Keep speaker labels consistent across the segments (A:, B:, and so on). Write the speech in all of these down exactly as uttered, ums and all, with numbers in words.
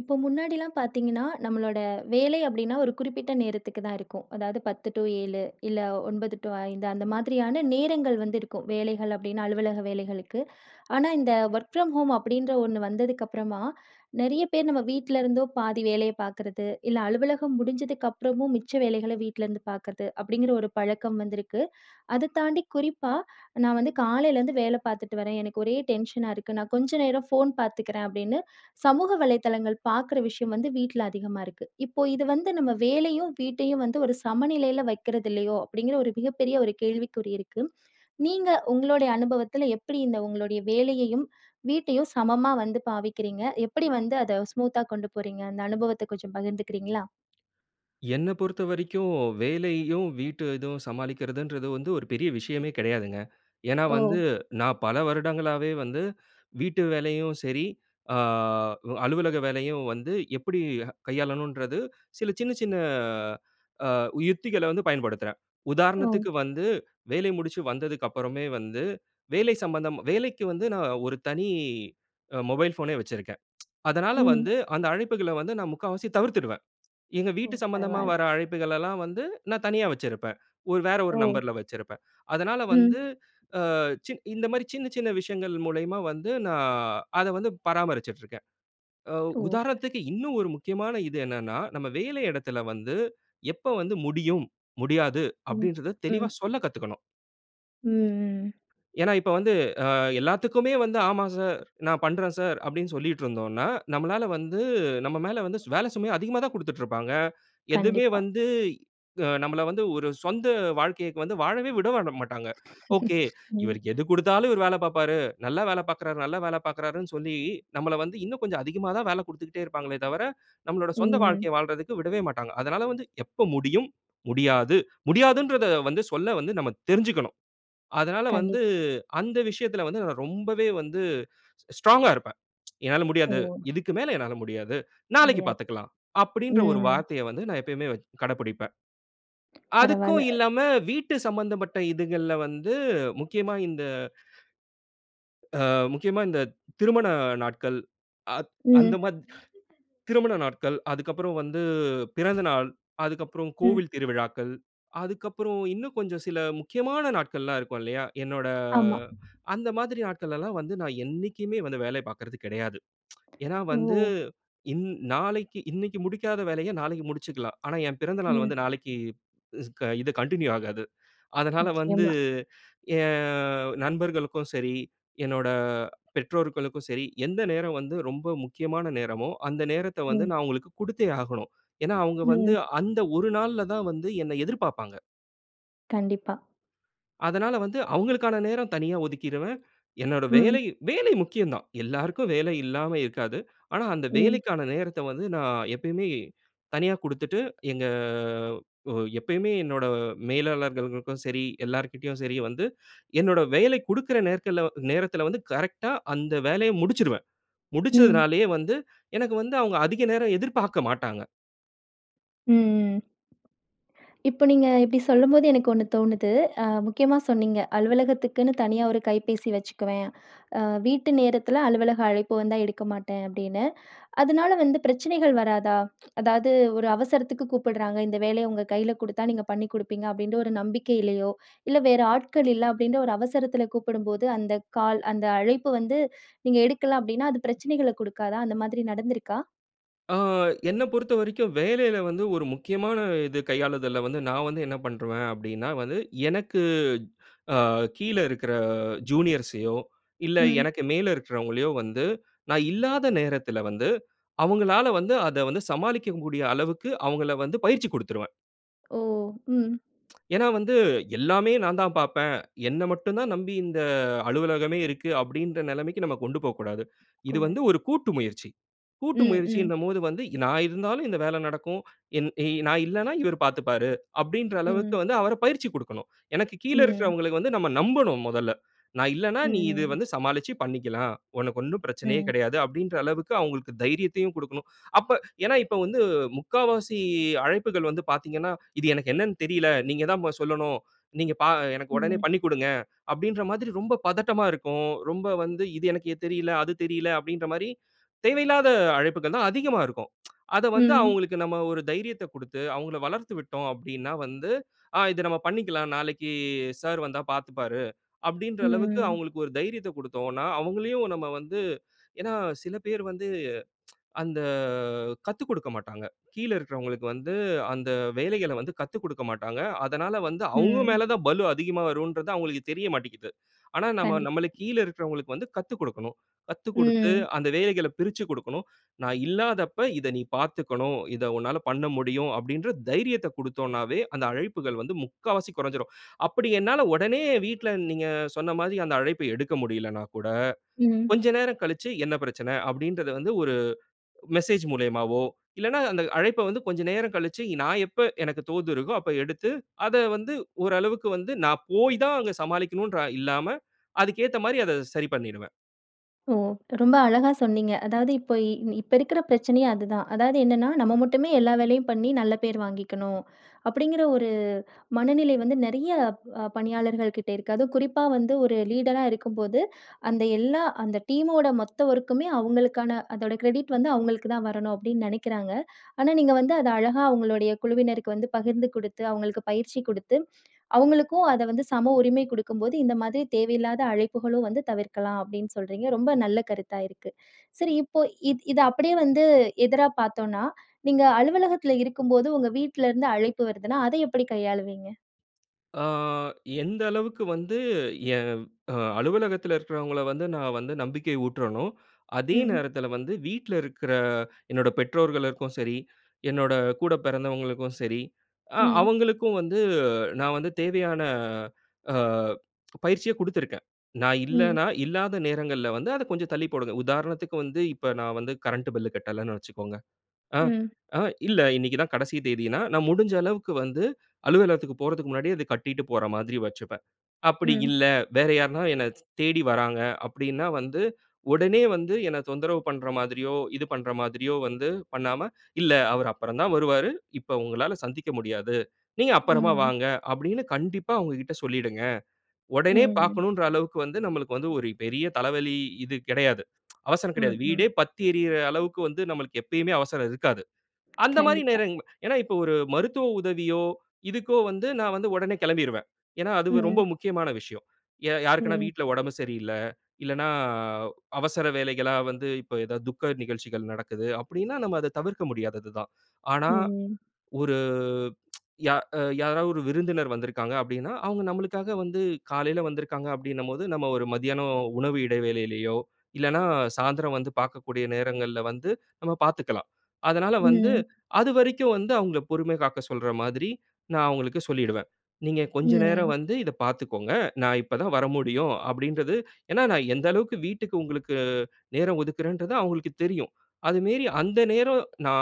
A: இப்போ முன்னாடிலாம் பார்த்தீங்கன்னா, நம்மளோட வேலை அப்படின்னா, ஒரு குறிப்பிட்ட நேரத்துக்கு தான் இருக்கும். அதாவது பத்து டூ ஏழு, இல்ல ஒன்பது டூ ஐந்து, அந்த மாதிரியான நேரங்கள் வந்து இருக்கும். வேலைகள் அப்படின்னு அலுவலக வேலைகளுக்கு. ஆனா, இந்த ஒர்க் ஃப்ரம் ஹோம் அப்படின்ற ஒன்னு வந்ததுக்கப்புறமா, நிறைய பேர் நம்ம வீட்லேருந்தோ பாதி வேலைய பார்க்கறது இல்ல, அலுவலகம் முடிஞ்சதுக்கப்புறமும் மிச்ச வேலைகள வீட்டிலேருந்து பார்க்கறது அப்படிங்கிற ஒரு பழக்கம் வந்திருக்கு. அத தாண்டி குறிப்பா, நான் வந்து காலையிலேருந்து வேலை பார்த்துட்டு வரேன் எனக்கு ஒரே டென்ஷனா இருக்கு, நான் கொஞ்சம் நேரம் ஃபோன் பார்த்துக்கிறேன் அப்படின்னு சமூக வலைதளங்கள் பார்க்குற விஷயம் வந்து வீட்டுல அதிகமா இருக்கு. இப்போ இது வந்து "நம்ம வேலையும், வீட்டையும் வந்து ஒரு சமநிலையில வைக்கிறதில்லையோ?" அப்படிங்கிற ஒரு மிகப்பெரிய ஒரு கேள்விக்குறி இருக்கு. நீங்க உங்களுடைய அனுபவத்தில எப்படி இந்த உங்களுடைய வேலையையும், வீட்டையும் சமமா வந்து பாவிக்கிறீங்க? எப்படி வந்து அத ஸ்மூத்தா கொண்டு போறீங்க? அந்த அனுபவத்தை கொஞ்சம் பகிர்ந்துக்கிறீங்களா?
B: என்ன பொறுத்த வரைக்கும், வேலையையும் வீட்டு இதுவும் சமாளிக்கிறதுன்றது வந்து ஒரு பெரிய விஷயமே கிடையாதுங்க. ஏன்னா வந்து,
A: ஓ!
B: நான் பல வருடங்களாகவே வந்து, வீட்டு வேலையையும் சரி, அ அலுவலக வேலையும் வந்து, எப்படி கையாளணுன்றது சில சின்ன சின்ன அ அ யுக்திகளை வந்து பயன்படுத்துறேன்.
A: ஓ!
B: உதாரணத்துக்கு வந்து, வேலை முடிச்சு வந்ததுக்கு அப்புறமே வந்து, வேலை சம்பந்தம் வேலைக்கு வந்து நான் ஒரு தனி மொபைல் போனே வச்சிருக்கேன். அதனால
A: ம்.
B: வந்து, அந்த அழைப்புகள வந்து நான் முக்காவாசி தவிர்த்துடுவேன். எங்க
A: ஓ,
B: வீட்டு சம்மந்தமா
A: பரவாயில்ல!
B: வர அழைப்புகளலா வந்து நான் தனியா வச்சிருப்பேன், ஒரு வேற ஒரு
A: ஓ!
B: நம்பர்ல வச்சிருப்பேன். அதனால வந்து,
A: ம்.
B: அ இந்த மாதிரி சின்ன சின்ன விஷயங்கள் மூலயமா வந்து நான் அதை வந்து பராமரிச்சுட்டு இருக்கேன். ஆ
A: ஓ!
B: உதாரணதுக்கு இன்னும் ஒரு முக்கியமான இது என்னன்னா, நம்ம வேலை இடத்தில வந்து எப்போ வந்து முடியும், முடியாது,
A: ம்
B: அப்டின்றத தெளிவா
A: ம்.
B: சொல்லக் கத்துக்கணும்.
A: ம். ம். ம்.
B: ஏன்னா இப்ப வந்து, அ எல்லாத்துக்குமே வந்து "ஆமா சார். நான் பண்ணுறேன் சார்." அப்படின்னு சொல்லிட்டுருந்தோம்ன்னா, நம்மளால வந்து நம்ம மேல வந்து சு வேலை சுமையை அதிகமாத்தான் குடுத்துட்டு இருப்பாங்க. எதுவுமே
A: கண்டிப்பா.
B: வந்து அ நம்மள வந்து ஒரு சொந்த வாழ்க்கைக்கு வந்து வாழவே விடவட மாட்டாங்க. ஓகே,
A: ம்.
B: இவருக்கு எது குடுத்தாலும் இவர் வேலை பார்ப்பாரு. நல்லா வேலை பார்க்கிறார், நல்லா வேலை பார்க்கிறாருன்னு சொல்லி, நம்மள வந்து இன்னும் கொஞ்சம் அதிகமா தான் வேலை குடுத்துக்கிட்டே இருப்பாங்களே தவிர, நம்மளுடைய சொந்த
A: ம், ம்.
B: வாழ்க்கையை வாழ்றதற்கு விடவே மாட்டாங்க. அதனால வந்து எப்ப முடியும், முடியாது. முடியாதுன்றதை வந்து சொல்ல வந்து நம்ம தெரிஞ்சுக்கணும். அதனால வந்து,
A: கண்டிப்பா.
B: அந்த விஷயத்தில வந்து, நான் ரொம்பவே வந்து ஸ் ஸ்ட்ராங்கா இருப்பேன். "என்னால
A: ஓ!
B: முடியாது. இதுக்கு மேல என்னால முடியாது. நாளைக்கு
A: முடியாது.
B: பார்த்துக்கலாம்." அப்படின்ற ஒரு
A: ம்.
B: வார்த்தையை வந்து நான் எப்பயுமே வ கடைபுடிப்பேன்.
A: பரவால்ல.
B: அதுக்கும் இல்லாம வீட்டு சம்மந்தப்பட்ட இதுகள்ல வந்து முக்கியமா இந்த, அ முக்கியமா இந்த திருமண நாட்கள் அத் அந்த
A: ம்.
B: மாரி திருமண நாட்கள், அதுக்கப்புறம் வந்து பிறந்த நாள், அதுக்கப்புறம்
A: ம்.
B: கோவில் திருவிழாக்கள், அதுக்கப்புறம் இன்னும் கொஞ்சம் சில முக்கியமான நாட்கள்லாம் இருக்கும் இல்லையா? என்னோட
A: ஆமா.
B: அந்த மாதிரி நாட்களலாம் வந்து, நான் என்னைக்குமே வந்து வேலைய பார்க்கறது கெடையாது. ஏன்னா
A: ஓ!
B: வந்து, இன் நாளைக்கு இன்னைக்கு முடிக்காத வேலையை நாளைக்கு முடிச்சுக்கலாம். ஆனா என் பிறந்த நாள்
A: ம்.
B: வந்து நாளைக்கு இஸ் இது கன்டின்யூ ஆகாது. அதனால வந்து,
A: நிச்சயமா.
B: என் நண்பர்களுக்கும் சரி, என்னோட பெற்றோர்களுக்கும் சரி, எந்த நேரம் வந்து ரொம்ப முக்கியமான நேரமோ, அந்த நேரத்தை வந்து நான்
A: ம்.
B: அவங்களுக்கு குடுத்தே ஆகணும். ஏன்னா, அவங்க வந்து
A: ம்.
B: அந்த ஒரு நாள்ல தான் வந்து என்னை எதிர்பார்ப்பாங்க.
A: கண்டிப்பா.
B: அதனால வந்து அவங்களுக்கான நேரம் தனியா ஒதுக்கீருவேன். என்னோட வேலை,
A: ம்.
B: வேலை முக்கியம் தான். எல்லாருக்கும் வேலை இல்லாம இருக்காது. ஆனா, அந்த
A: ம்.
B: வேலைக்கான நேரத்த வந்து நா எப்பயுமே, தனியா குடுத்துட்டு எங்க ஒ எப்பயுமே என்னோட மேலாளர்களுக்கும் சரி, எல்லார்கிட்டயும் சரி வந்து என்னோட வேலை குடுக்ற நேர்கல்ல நேரத்துல வந்து கரெக்டா அந்த வேலைய முடிச்சிருவேன்.
A: ம்.
B: முடிச்சதுனாலயே வந்து எனக்கு வந்து அவங்க அதிக நேரம் எதிர்பார்க்க மாட்டாங்க.
A: ம் ம். இப்போ நீங்க இப்டி சொல்லும்போது எனக்கு ஒன்னு தோணுது, அ முக்கியமா சொன்னீங்க, அலுவலகத்துக்குன்னு தனியா ஒரு கைபேசி வச்சுக்குவேன். அ வீட்டு நேரத்துல அலுவலக அழைப்பு வந்தா எடுக்க மாட்டேன் அப்டின்னு, அதுனால வந்து பிரச்சனைகள் வராதா? அதாவது ஒரு அவசரத்துக்கு கூப்பிடுறாங்க, இந்த வேலைய உங்க கைல குடுத்தா நீங்க பண்ணி குடுப்பீங்க அப்டின்ற ஒரு நம்பிக்கையிலையோ, இல்ல வேற ஆட்கள் இல்ல அப்டின்ற ஒரு அவசரத்துல கூப்பிடும் போது அந்த கால் அந்த அழைப்பு வந்து நீங்க எடுக்கல அப்டின்னா, அது பிரச்சனைகள குடுக்காதா? அந்த மாதிரி நடந்துருக்கா?
B: அ என்ன பொறுத்த வரைக்கும் வேலையில வந்து ஒரு முக்கியமான இது கையாளுதல்ல வந்து நா வந்து என்ன பண்ருவேன் அப்டின்னா வந்து, எனக்கு அ கீழ இருக்குற ஜூனியர்ஸையோ இல்ல
A: ம்.
B: எனக்கு மேல இருக்குறவங்களையோ வந்து நா இல்லாத நேரத்துல வந்து, அவங்களால வந்து அத வந்து சமாளிக்க கூடிய அளவுக்கு அவங்கள வந்து பயிற்சி குடுத்துருவேன்.
A: ஓ! ம்.
B: ஏன்னா வந்து, எல்லாமே நான் தான் பார்ப்பேன். என்ன மட்டும் தான் நம்பி, இந்த அலுவலகமே இருக்கு, அப்படின்ற நிலமைக்கு நம்ம கொண்டு போகக்கூடாது. இது
A: கூட.
B: வந்து ஒரு கூட்டு முயற்சி. கூட்டு
A: ம். ம்.
B: முயற்சின்னும்போது வந்து நான் இருந்தாலும் இந்த வேலை நடக்கும். என் எ நான் இல்லனா இவரு பார்த்துப்பாரு. அப்படின்ற அளவுக்கு
A: ம்.
B: வந்து அவர பயிற்சி குடுக்கணும். எனக்கு கீழ
A: ம்.
B: இருக்கிறவங்களுக்கு வந்து நம்ம நம்பணும் முதல்ல. நான் இல்லன்னா நீ இத
A: ம்.
B: வந்து சமாளிச்சு பண்ணிக்கலாம். உனக்கு ஒண்ணும் பிரச்சனையே
A: ம்.
B: கிடையாது. அப்படின்ற அளவுக்கு அவங்களுக்கு தைரியத்தையும் கொடுக்கணும். அப்ப ஏன்னா, இப்போ வந்து முக்காவாசி அழைப்புகள் வந்து பார்த்தீங்கன்னா, இது எனக்கு என்னன்னு தெரியல. நீங்க தான் பா சொல்லணும். நீங்க பா எனக்கு உடனே
A: ம்.
B: பண்ணிக் குடுங்க, அப்படின்ற மாதிரி ரொம்ப பதட்டமா இருக்கும். ரொம்ப வந்து இது எனக்கு தெரியல, அது தெரியல அப்படின்ற மாரி தேவையில்லாத அழைப்புகள் தான் அதிகமா இருக்கும். அதை வந்து
A: ம்.
B: அவங்களுக்கு நம்ம ஒரு தைரியத்த கொடுத்து, அவங்களை வளர்த்து விட்டோம் அப்படின்னா வந்து, ஆ இத நம்ம பண்ணிக்கலாம் நாளைக்கு சார் வந்தா பார்த்துப்பாரு. அப்படின்ற அளவுக்கு
A: ம்.
B: அவங்களுக்கு ஒரு தைரியத்தை கொடுத்தோன்னா அவங்களையும், நம்ம வந்து ஏன்னா, சில பேர் வந்து. அந்த கத்துக்கொடுக்க மாட்டாங்க, கீழே இருக்கிறவங்களுக்கு. வந்து அந்த வேலைகளை வந்து கத்துக்கொடுக்க மாட்டாங்க. அதனால வந்து, அவங்க
A: ம்.
B: மேல தான் பலு அதிகமா வருங்கறது அவங்களுக்கு தெரியமாட்டேன்ங்க்கிது. ஆனா நாம
A: கண்டிப்பா.
B: நமக்கு கீழ இருக்கிறவர்களுக்கு வந்து கத்துக் கொடுக்கணும். கத்துக்கொடுத்து
A: ம்.
B: அந்த வேலைகளை பிரிச்சுக் குடுக்கணும். நான் இல்லாதப்போ, இத நீ பார்த்துக்கணும். இத உன்னால பண்ண முடியும். அப்படின்ற தைரியத்த கொடுத்தோம்ன்னாவே அந்த அழைப்புகள் வந்து முக்கால்வாசி கொறஞ்சிடும். அப்படி என்னால உடனே வீட்டில நீங்க சொன்ன மாதிரி அந்த அழைப்ப எடுக்க முடியலன்னா கூட,
A: ம்.
B: கொஞ்சம் நேரம் கழிச்சு என்ன பிரச்சனை? அப்படின்றது வந்து ஒரு மெசேஜ் மூலயமாவோ இல்லன்னா அந்த அழைப்ப வந்து கொஞ்ச நேரம் கழிச்சு, நான் எப்போ எனக்கு தோது இருக்கோ அப்போ எடுத்து, அத வந்து ஓரளவுக்கு வந்து நான் போய் தான் அங்க சமாளிக்கணும்ன்னுற இல்லாம அதுக்கு ஏத்த மாரி அத சரி பண்ணிடுவேன்.
A: ஓ! ரொம்ப அழகா சொன்னிங்க. அதாவது, இப்போ இப்ப இருக்குற பிரச்சனையே அதுதான். அதாவது என்னன்னா, நம்ம மட்டுமே எல்லா வேலையும் பண்ணி, நல்ல பேரு வாங்கிக்கணும் அப்படிங்கிற ஒரு மனநிலை வந்து, நெறைய ப் பணியாளர்கள்கிட்டே இருக்கு. அதுவும் குறிப்பா வந்து ஒரு லீடரா இருக்கும்போது, அந்த எல்லா, அந்த டீமோட மொத்த ஒர்க்குமே அவங்களுக்கான அதோட கிரெடிட் வந்து அவங்களுக்கு தான் வரணும் அப்டின்னு நினைக்கிறாங்க. ஆனா, நீங்க வந்து அத அழகா அவங்களுடைய குழுவினருக்கு வந்து பகிர்ந்து கொடுத்து, அவங்களுக்கு பயிற்சி கொடுத்து, அவங்களுக்கும் அத வந்து சம உரிமை கொடுக்கும் போது இந்த மாதிரி தேவையில்லாத அழைப்புகளும் வந்து தவிர்க்கலாம் அப்டின்னு சொல்றீங்க. ரொம்ப நல்ல கருத்தா இருக்கு. சரி இப்போ இத் இத அப்படியே வந்து எதிரா பார்த்தோன்னா, நீங்க அலுவலகத்துல இருக்கும்போது உங்க வீட்ல இருந்து அழைப்பு வருதுன்னா, அத எப்படி கையாளுவீங்க?
B: அ எந்த அளவுக்கு வந்து எ அ அலுவலகத்தில இருக்கிறவங்கள வந்து நா வந்து நம்பிக்கை ஊட்றனோ, அதே
A: ம்.
B: நேரத்தில வந்து வீட்ல இருக்குற என்னோட பெற்றோர்களுக்கும் சரி, என்னோட கூட பெறந்தவங்களுக்கும் சரி, அ
A: ம்.
B: அவங்களுக்கும் வந்து நான் வந்து தேவையான அ பயிற்சிய கொடுத்துருக்கேன். நா
A: ம்.
B: இல்லன்னா, இல்லாத நேரங்கள்ல வந்து அத கொஞ்சம் தள்ளி போடுங்க. உதாரணத்துக்கு வந்து, இப்ப நா வந்து கரண்ட்டு பில் கட்டலன்னு வச்சுக்கோங்க. ஆ
A: ம்.
B: ஆ இல்ல இன்னக்கி தான் கடைசி தேதின்னா, நா முடிஞ்ச அளவுக்கு வந்து அலுவலகத்துக்கு போறதுக்கு முன்னாடியே அத கட்டிட்டு போற மாதிரி வச்சுப்பேன். அப்படி
A: ம்.
B: இல்ல, வேற யாருன்னா என்ன ச் தேடி வர்றாங்க அப்டின்னா வந்து, உடனே வந்து என்ன தொந்தரவு பண்ற மாதிரியோ, இது பண்ற மாதிரியோ வந்து பண்ணாம, இல்ல அவரு அப்புறம் தான் வருவாரு. இப்போ உங்களால சந்திக்க முடியாது. நீங்க அப்பறமா
A: ம்.
B: வாங்க, அப்டின்னு கண்டிப்பா அவங்ககிட்ட சொல்லிடுங்க. ஒடனே
A: ம்.
B: பாக்கனுன்ற அளவுக்கு வந்து நம்மளுக்கு வந்து ஒரு பெரிய தலைவலி இது கெடையாது. அவசரம் கெடையாது.
A: ம் ம்.
B: வீடே பத்தி எரிகிற அளவுக்கு வந்து நம்மளுக்கு எப்பயுமே அவசரம் இருக்காது. அந்த மாரி
A: கண்டிப்பா.
B: நேரங்கள் ஏன்னா இப்போ, ஒரு மருத்துவ உதவியோ இதுக்கோ வந்து நான் வந்து ஒடனே கெளம்பிடுவேன். ஏன்னா, அது ரொம்ப
A: ம்.
B: முக்கியமான விஷயம். யா யாருக்குனா
A: ம்.
B: வீட்ல ஒடம்பு சரியில்ல. இல்லன்னா, அவசர வேலைகளா வந்து இப்போ ஏதாவது துக்க நிகழ்ச்சிகள் நடக்குது அப்டின்னா, நம்ம அத தவிர்க்க முடியாதது தான். ஆனா,
A: ம்.
B: ஒரு யா யாராவது ஒரு விருந்தினர் வந்திருக்காங்க அப்டின்னா, அவங்க நம்மளுக்காக வந்து காலையில வந்திருக்காங்க அப்டினும்போது, நம்ம ஒரு மதியானம் உணவு இடைவேளையிலயோ, இல்லைனா சாய்ந்திரம் வந்து பாக்கக்கூடிய நேரங்கள்ல வந்து நம்ம பாத்துக்கலாம். அதனால வந்து,
A: ம்.
B: அதுவரைக்கும் வந்து அவங்கள பொறுமை காக்க சொல்ற மாதிரி நா அவங்களுக்கு சொல்லிடுவேன். நீங்க கொஞ்சம் நேரம்
A: ம்.
B: வந்து இத பார்த்துக்கோங்க. நா இப்ப தான் வரமுடியும் அப்டின்றது ஏன்னா, நா எந்த அளவுக்கு வீட்டுக்கு உங்களுக்கு நேரம் ஒதுக்குறேன்றது அவங்ககளுக்கு தெரியும். அது மேரி அந்த நேரம் நா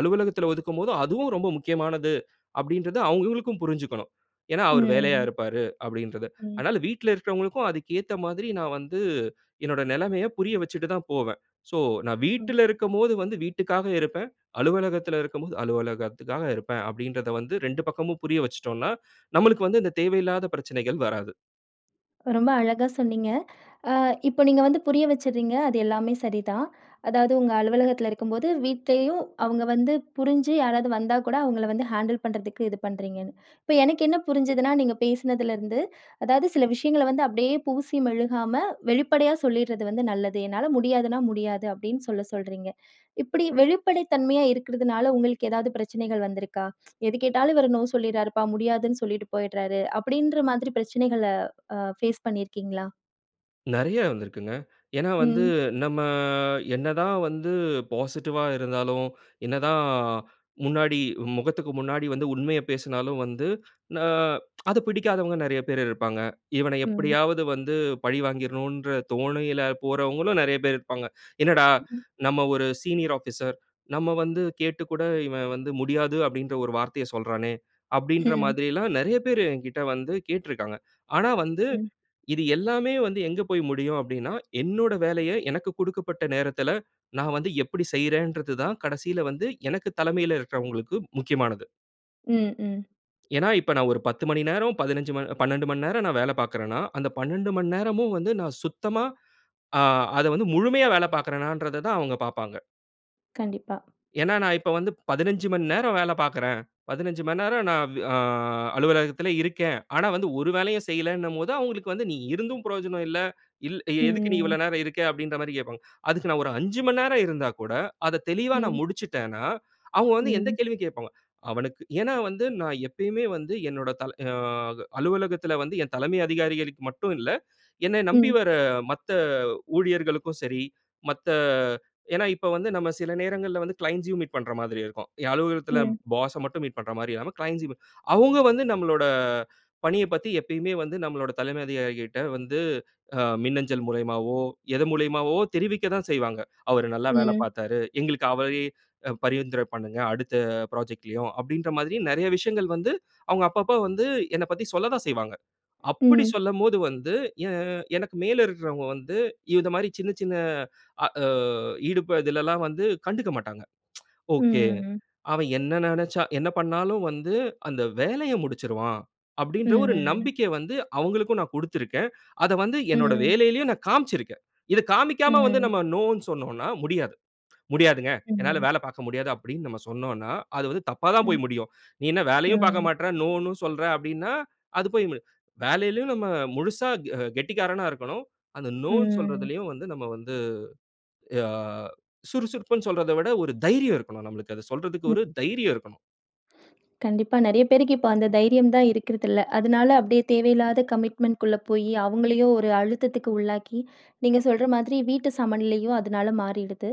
B: அலுவலகத்துல ஒதுக்கும் போது அதுவும் ரொம்ப முக்கியமானது அப்டின்றது அவங்ககளுக்கும் புரிஞ்சுக்கனும். ஏன்னா, அவரு வேலையா
A: ம்.
B: இருப்பாரு அப்டின்றத.
A: ம்.
B: அதனால வீட்ல இருக்கிறவங்ககளுக்கும் அதுக்கு ஏத்த மாதிரி நா வந்து என்னோட நெலமைய புரிய வச்சுட்டு தான் போவேன். ஸோ நான்
A: ம்.
B: வீட்ல இருக்கும்போது வந்து வீட்டுக்காக இருப்பேன். அலுவலகத்தில இருக்கும்போது அலுவலகத்துக்காக இருப்பேன் அப்டின்றத வந்து ரெண்டு பக்கமும் புரிய வச்சுட்டோம்னா, நம்மளுக்கு வந்து இந்த தேவையில்லாத பிரச்சனைகள் வராது.
A: ரொம்ப அழகா சொன்னீங்க. அ இப்ப நீங்க வந்து புரிய வச்சுட்றீங்க. அது எல்லாமே சரிதான். அதாவது உங்க அலுவலகத்தில இருக்கும்போது, வீட்டிலேயும் அவுங்க வந்து புரிஞ்சு யாராவது வந்தா கூட அவுங்கள வந்து ஹேண்டில் பண்ணுறதுக்கு இது பண்ணுறீங்கன்னு. இப்ப எனக்கு என்ன புரிஞ்சுதுனா, நீங்க பேசினதில இருந்து, அதாவது சில விஷயங்கள வந்து அப்பிடியே பூசி மெழுகாம வெளிப்படையா சொல்லிட்றது வந்து நல்லது. என்னால முடியாதுன்னா முடியாது. அப்பிடின்னு சொல்ல சொல்றீங்க. இப்பிடி வெளிப்படை தன்மையா இருக்கிறதுனால உங்களுக்கு ஏதாவது பிரச்சனைகள் வந்திருக்கா? "எது கேட்டாலும் இவரு நோ சொல்லிறாருப்பா! முடியாதுன்னு சொல்லிட்டு போயிட்றாரு." அப்பிடின்ற மாதிரி பிரச்சனைகள அ ஃபேஸ் பண்ணியிருக்கீங்களா?
B: நிறைய வந்திருக்கிங்க. ஏன்னா வந்து,
A: ம்.
B: நம்ம என்னதான் வந்து பாசிட்டிவா இருந்தாலும், என்னதான் முன்னாடி முகத்துக்கு முன்னாடி வந்து உண்மைய பேசுனாலும் வந்து, ஆ அது பிடிக்காதவங்க நிறைய பேரு இருப்பாங்க. இவன
A: ம்.
B: எப்பிடியாவது வந்து பழிவாங்கிர்ணுன்ற தோணையில போறவங்களும் நிறைய பேர் இருப்பாங்க. "என்னடா!
A: ம்.
B: நம்ம ஒரு சீனியர் ஆபீஸர் நம்ம வந்து கேட்டுக்கூட இவன் வந்து முடியாது அப்பிடின்ற ஒரு வார்த்தைய சொல்றானே!" அப்பிடின்ற
A: ம்.
B: மாதிரிலாம் நிறைய பேரு எங்கிட்ட வந்து கேட்டிருக்காங்க. ஆனா, வந்து
A: ம்.
B: இது எல்லாமே வந்து எங்க போய் முடியும் அப்பிடின்னா, என்னோட வேலைய எனக்கு கொடுக்கப்பட்ட நேரத்தில நான் வந்து எப்பிடி செய்றேன்றதுதான் கடைசில வந்து எனக்கு தலைமையில இருக்கிறவங்களுக்கு முக்கியமானது.
A: ம், ம்.
B: ஏன்னா, இப்ப நான் ஒரு பத்து மணி நேரம், பதினஞ்சு ம பன்ணென்டு மணி நேரம் நான் வேல பார்க்குறன்னா, அந்த பன்ணென்டு மணி நேரமும் வந்து நான் சுத்தமா ஆ அத வந்து முழுமையா வேல பார்க்கிறனான்றத தான் அவுங்க பாப்பாங்க.
A: கண்டிப்பா.
B: ஏன்னா, நான் இப்ப வந்து பதினைந்து மணி நேரம் வேல பார்க்கிறேன். பதினைந்து மணிநேரம் நான் வே ஆ அலுவலகத்தில இருக்கேன். ஆனா, வந்து ஒரு வேலையும் செய்யலேன்னும்போது, அவுங்களுக்கு வந்து "நீ இருந்தும் பிரயோஜனம் இல்ல. இல் எதுக்கு நீ
A: ம்.
B: இவ்வளோ நேரம் இருக்க?" அப்பிடின்றமாரி கேப்பாங்க. அதுக்கு நான் ஒரு ஐஞ்சு மணி நேரம் இருந்தாக்கூட, அத தெளிவாக நான்
A: ம்.
B: முடிச்சுட்டேன்னா, அவுங்க வந்து எந்த
A: ம்.
B: கேள்வியும் கேட்பாங்க. அவனுக்கு ஏன்னா வந்து, நான் எப்பயுமே வந்து என்னுடைய தல ஆ அலுவலகத்தில வந்து என் தலைமை அதிகாரிகளுக்கு மட்டும் இல்ல, என்ன நம்பி
A: ம்.
B: வர மத்த ஊழியர்களுக்கும் சரி மத்த ஏன்னா இப்ப வந்து நம்ம சில நேரங்கள்ல வந்து க்ளைண்ட்ஸ்யும் மீட் பண்ற மாதிரி இருக்கும். என் அலுவலகத்தில
A: ம்.
B: பாஸ மட்டும் மீட் பண்றமாரி இல்லாம க்ளைண்ட்ஸ்யுமே அவுங்க வந்து நம்மளோட பணியப் பத்தி எப்பயுமே வந்து நம்மளோட தலைமை அதிகாரிகளுக்கிட்ட வந்து அ மின்னஞ்சல் மூலியமாவோ! எதன் மூலியமாவோ! தெரிவிக்க தான் செய்வாங்க. அவரு நல்லா வேல
A: ம்.
B: பார்த்தாரு. எங்களுக்கு அவரேயே அ பரிந்துரை பண்ணுங்க. அடுத்த புராஜெக்ட்லயும் அப்பிடின்ற மாதிரி, நிறைய விஷயங்கள் வந்து அவுங்க அப்போ அப்போ வந்து என்னப் பத்தி சொல்லதான் செய்வாங்க. அப்படி
A: ம்.
B: சொல்லும்போது, வந்து எ எனக்கு மேலே இருக்கிறவுங்க வந்து இந்தமாரி சின்ன, சின்ன அ ஆ ஈடுப இதிலெல்லாம் வந்து கண்டுக்க மாட்டாங்க.
A: ம்,
B: ஒகே.
A: ம்.
B: அவன் என்ன நினச்சா என்ன பண்ணாலும் வந்து அந்த வேலைய முடிச்சிருவான். அப்டின்ற ஒரு
A: ம்.
B: நம்பிக்கை வந்து அவுங்களுக்கும் நான் குடுத்திருக்கேன். அத வந்து என்னுடைய
A: ம்.
B: வேலையிலேயும் நான் காமிச்சு இருக்கேன். இத காண்பிக்காம வந்து
A: ம்.
B: நம்ம நோன்னு சொன்னோன்னா, முடியாது. "முடியாதுங்க, என்னால
A: ம்.
B: வேலை பார்க்க முடியாது" அப்பிடின்னு நம்ம சொன்னோன்னா, அது வந்து தப்பா தான்
A: ம்,
B: போய் முடியும். "நீ என்ன வேலையும்
A: ம்
B: பார்க்கமாட்ற, நோன்னு சொல்ற" அப்பிடின்னா, அது போய் முடியு வேலையிலும் நம்ம முழுசா அ கெட்டிக்காரனா இருக்கணும், அந்த நோன்னு
A: ம்.
B: சொல்றதிலயும் வந்து நம்ம வந்து அ சுறுசுறுப்புன்னு சொல்றத விட ஒரு தைரியம் இருக்கணும், நம்மளுக்கு அத சொல்றதுக்கு
A: ம்.
B: ஒரு தைரியம் இருக்கணும்.
A: கண்டிப்பா நெறைய பேருக்கு இப்போ அந்த தைரியம் தான் இருக்கறதில்ல. அதனால அப்படியே தேவையில்லாத கமிட்மென்ட் குள்ள போயி அவுங்களையும் ஒரு அழுத்தத்துக்கு உள்ளாக்கி, நீங்க சொல்ற மாதிரி வீட்டு சமநிலையும் அதனால மாறிடுது.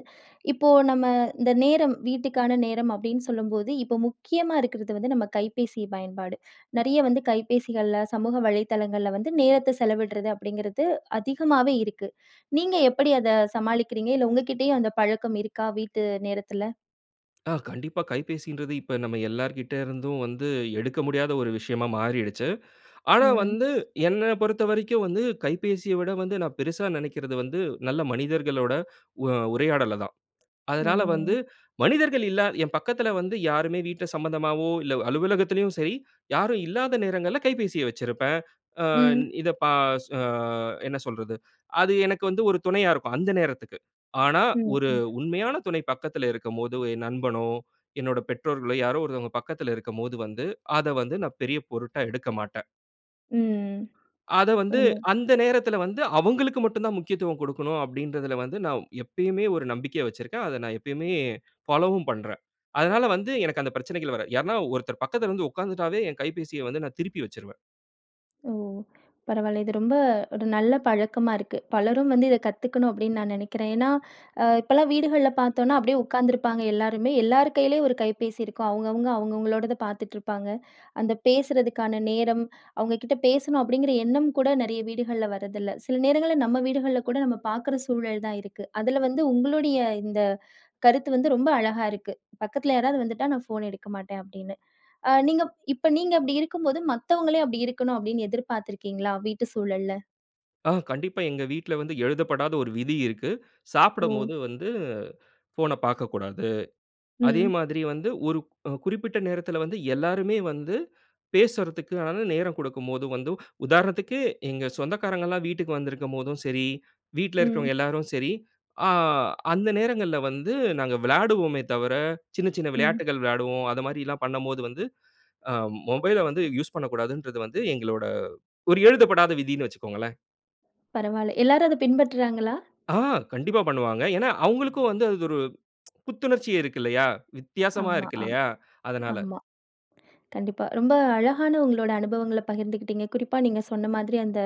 A: இப்போ நம்ம இந்த நேரம் வீட்டுக்கான நேரம் அப்படின்னு சொல்லும்போது, இப்போ முக்கியமா இருக்கறது வந்து நம்ம கைபேசி பயன்பாடு. நெறைய வந்து கைபேசிகள்ல, சமூக வலைதளங்கள்ல வந்து நேரத்த செலவிட்றது அப்டிங்கிறது அதிகமாவே இருக்கு. நீங்க எப்படி அத சமாளிக்கிறீங்க? இல்ல உங்க கிட்டேயும் அந்த பழக்கம் இருக்கா? வீட்டு நேரத்துல.
B: ஆ கண்டிப்பா கைபேசின்றது இப்ப நம்ம எல்லார்கிட்டருந்தும் வந்து எடுக்க முடியாத ஒரு விஷயமா மாறிருச்சு. ஆனா
A: ம்.
B: வந்து, என்ன பொறுத்த வரைக்கும் வந்து கைபேசிய விட வந்து நா பெருசா நெனைக்கிறது வந்து நல்ல மனிதர்களோட உ உரையாடலதான். அதனால வந்து,
A: ம்.
B: மனிதர்கள் இல்லாத என் பக்கத்ல வந்து யாருமே வீட்ல சம்பந்தமாவோ, இல்ல அலுவலகத்திலும் சரி, யாரும் இல்லாத நேரங்கள்ல கைபேசிய வச்சிருப்பேன். ஆ
A: ம்.
B: இத ப சு அ என்ன சொல்றது? அது எனக்கு வந்து ஒரு துணையா இருக்கும் அந்த நேரத்துக்கு. ஆனா
A: ம்,
B: ஒரு
A: ம்.
B: உண்மையான துணை பக்கத்துல இருக்கும்போது என் நண்பனோ, என்னோட பெற்றோர்களோ, யாரோ ஒருத்தங்க பக்கத்துல இருக்கும்போது வந்து அத வந்து நான் பெரிய பொருட்டா எடுக்க மாட்டேன்.
A: ம்.
B: அத வந்து,
A: [unintelligible]
B: அந்த நேரத்தில வந்து, அவங்களுக்கு மட்டும் தான் முக்கியத்துவம் கொடுக்கணும் அப்படின்றதில வந்து, நான் எப்பயுமே ஒரு நம்பிக்கை வச்சுருக்கேன். அத நான் எப்பயுமே ஃபாலோவும் பண்றேன். அதனால வந்து, எனக்கு அந்த பிரச்சனைகள் வராது. யார்னா ஒருத்தர் பக்கத்தில வந்து உட்கார்ந்துட்டாவே, என் கைபேசிய வந்து நான் திருப்பி வச்சுருவேன்.
A: ஓ! பரவால்ல. இது ரொம்ப ஒரு நல்ல பழக்கமா இருக்கு. பலரும் வந்து இதை கத்துக்கணும் அப்படின்னு நான் நினைக்கிறேன். ஏன்னா, அ இப்பல்லாம் வீடுகள்ல பார்த்தோம்னா அப்படியே உட்காந்துருப்பாங்க எல்லாருமே, எல்லார் கையிலேயும் ஒரு கைபேசி இருக்கும். அவங்கவங்க அவங்கவங்களோடத பார்த்துட்டு இருப்பாங்க. அந்த பேசுறதுக்கான நேரம், அவங்க கிட்ட பேசணும் அப்படிங்கிற எண்ணம் கூட நெறைய வீடுகள்ல வர்றதில்லை. சில நேரங்கள்ல நம்ம வீடுகள்ல கூட நம்ம பார்க்குற சூழல் தான் இருக்கு. அதுல வந்து உங்களுடைய இந்த கருத்து வந்து, ரொம்ப அழகா இருக்கு. "பக்கத்தில யாராவது வந்துட்டா நான் ஃபோன் எடுக்க மாட்டேன்." அப்படின்னு. அ நீங்க இப்ப நீங்க அப்படி இருக்கும்போது, மத்தவங்களையும் அப்படி இருக்கணும் அப்படின்னு எதிர்பார்த்திருக்கீங்களா? வீட்டு சூழல்ல.
B: ஆ. கண்டிப்பா. எங்க வீட்ல வந்து எழுதப்படாத ஒரு விதி இருக்கு.
A: ஓ!
B: சாப்பிடும்போது வந்து ஃபோன பார்க்கக்கூடாது. அதே
A: ம்.
B: மாதிரி வந்து ஒருக் குறிப்பிட்ட நேரத்தில வந்து எல்லாருமே வந்து பேசுறத்துகான நேரம் குடுக்கும்போது வந்து உதாரணத்துக்கு எங்க சொந்தக்காரங்கல்லாம் வீட்டுக்கு வந்திருக்கும்போதும் சரி, வீட்ல
A: ம்.
B: இருக்கிறவங்க எல்லாரும் சரி, ஆ அந்த நேரங்கள்ல வந்து நாங்க விளாடுவோமே தவிர, சின்ன சின்ன
A: ம்.
B: விளையாட்டுகள் விளையாடுவோம். அத மாதிரில்லாம் பண்ணம்போது வந்து அ மொபைல வந்து யூஸ் பண்ணக்கூடாதுன்றது வந்து எங்களோட ஒரு எழுதப்படாத விதின்னு வச்சுக்கோங்களேன்.
A: பரவால்லை. எல்லாரும் அதை பின்பற்றுறாங்களா?
B: ஆ. கண்டிப்பா பண்ணுவாங்க. ஏன்னா, அவுங்களுக்கும் வந்து அது ஒரு புத்துணர்ச்சி இருக்கு இல்லையா? வித்தியாசமா
A: ஆமா.
B: இருக்கு
A: ஆம்
B: இல்லையா? அதனால.
A: ஆமா. கண்டிப்பா. ரொம்ப அழகான உங்களோட அனுபவங்களை பகிர்ந்துக்கிட்டீங்க. குறிப்பா நீங்க சொன்ன மாதிரி அந்த,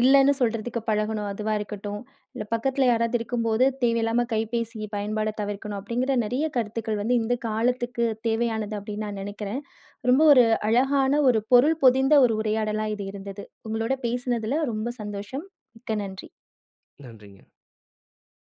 A: "இல்லைன்னு சொல்றதுக்கு பழகணும்." அதுவா இருக்கட்டும், இல்ல "பக்கத்தில யாராவது இருக்கும்போது தேவையில்லாம கைபேசி பயன்பாட தவிர்க்கணும்" அப்படிங்கிற நெறைய கருத்துக்கள் வந்து இந்த காலத்துக்கு தேவையானது அப்படின்னு நான் நினைக்கிறேன். ரொம்ப ஒரு அழகான, ஒரு பொருள் பொதிந்த, ஒரு உரையாடலா இது இருந்துது. உங்களோட பேசினதில ரொம்ப சந்தோஷம். மிக்க நன்றி.
B: நன்றிங்க.